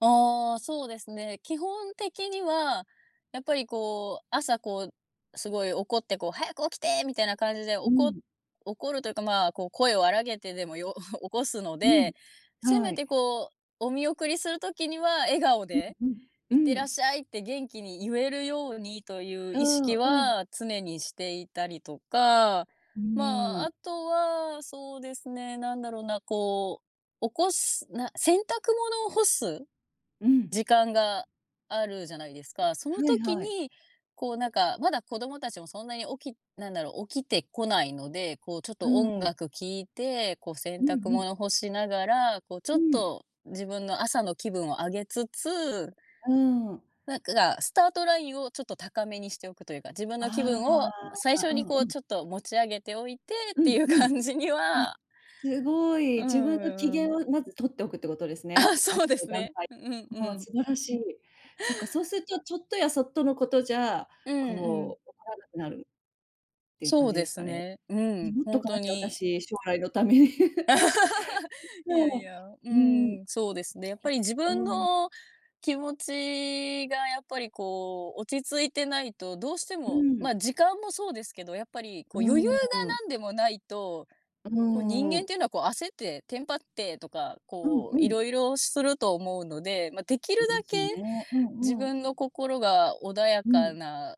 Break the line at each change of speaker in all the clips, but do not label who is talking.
ああ、そうですね。基本的には、やっぱり、こう、朝こう、すごい怒って、こう「早く起きて！」みたいな感じで、お
う
こ
ん。
怒るというか、まあ、こう、声を荒げてでも、よ 起こすの
うん。
で、せ
は
め
い。
て、こう、お見送りする時には笑顔
うん
で
うん。
「い
う
って
ー
らっ
ん。
しゃい」って元気にゆえるようにという
う
意
ー
識
ん。うん。
は、常にしていたりとか、
う
ま
ー
あ、
ん。
あとは、そうですね、なんだろうな、こう、起こすな洗濯物を干す
うん。
時間があるじゃないですか。その
はい
時
はい。
に、こう、なんか、まだ、子どもたちもそんなに起きなんだろ、起きてこないので、こう、ちょっ
う
と、音
ん。
楽聴いて、こう、洗
うん
濯
うん。
物干しながら、こう、ちょ
う
っ
ん。
と自分の朝の気分を上げつつ
うーん。
なんか、スタートラインを、ちょっと高めにしておくというか、自分の気分
あ
を、最
あ。
初
う
に、
ん
こ
う
う、
ん。
ちょっと持ち上げておいてっ
う
て
ん
いう
うん。
感じに
あ、
は
すご
う
い。自分の機
ん。うー
嫌
ん。
をまず取っておくってことですね。
あ、そ
朝
うで
の
す
段
ね。
階。
うんう
わあ、
ん。
素晴らしい。そっか、そうすると、ちょっとやそっとのことじゃ、
うんうん。
こう、怒らなくなるっていう
そ
感
う
じで
で
す
す
かね。
ね。う
メ
ん、
モっと
本
か
当
なきゃ、
に。
私、将来のために。
い
そっ
やい
か。
や。う
うーん。
ーん、そうですね、やっぱり、自分
うーん。
の気持ちが、やっぱり、こう、落ち着いてないとどうして
うー
も、
ん。
まあ、時間もそうですけど、やっぱり、
う
こう、余裕が
ーん。
なんでもないと、
う
こう、人
ー
間
ん。
ていうのはこう焦って、テンパってとか、
うん
こう、
う
いろ
ん。
いろすると思うので、ま、できる
そうで
だ
すよ
け、
ね。う
自
んうん。
分の心が穏や
う
か
ん。
な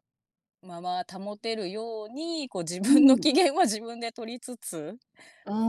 まま保てるように、こう、自
う
分の
ん。
機嫌は自分で取りつつ、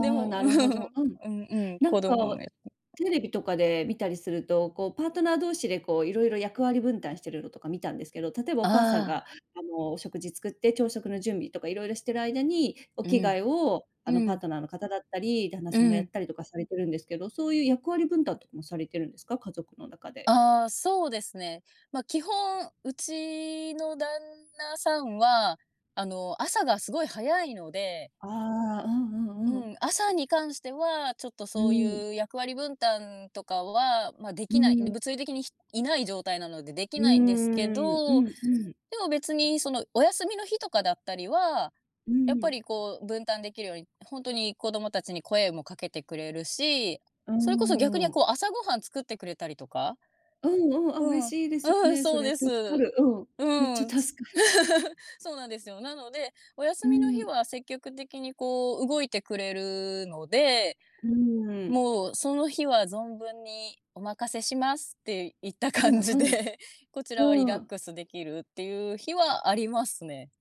で
あ、
も
な
う
るほど。
ん。
うん。
うんうん、
な
子
ん
供が
か、テレビとかで見たりすると、こう、パートナー同士で、こう、いろいろ役割分担しているのとか見たんですけど、例えば、
あ
お母さんが、
あ。
あの、お食事作って、朝食の準備とかいろいろしている間に、お
う
着
ん。
替えを、あの、
う
パー
ん。
トナーの方だったり、旦那
う
さんがやっ
ん。
たりとかされてるんですけど、そういう役割分担とかもされてるんですか、家族の中で？
ああ、そうですね。ま、基本うちの旦那さんは、あの、朝がすごい早いので。
ああ、うんう
う
んうん。
ん、朝に関しては、ちょっと、
う
そう
ーん。
いう役割分担とかは、まあ、で
う
きない、
ーん。
物理的に、ひいない状態なので、でき
うー
ないんですけ
ん。う
ど、
んうん。
でも、別にその、お休みの日とかだったりは、
うー
やっぱり、
ん。
こう、分担できるように、本当に子供たちに声もかけてくれるし、
うー
それこそ、逆に、
ん。
こう、朝ごはん作ってくれたりとか。
うんうん。あ、
う
嬉
ん。
しいですよ
うん。
ね、そ
そう
れ。
です。
助か
う
る。うん。めっ
ー
ち
ん。
ゃ助かる。
そうなんですよ。なので、お休
う
みの日
ん。
は、積極的に、こう、動いてくれるので、
うーん。
もう、その日は存分に「お任せします」っていった
う
感
ん
じ
うん。
で、こちらはリ
う
ラ
ー
ッ
ん。
クスできるっていう日はありますね。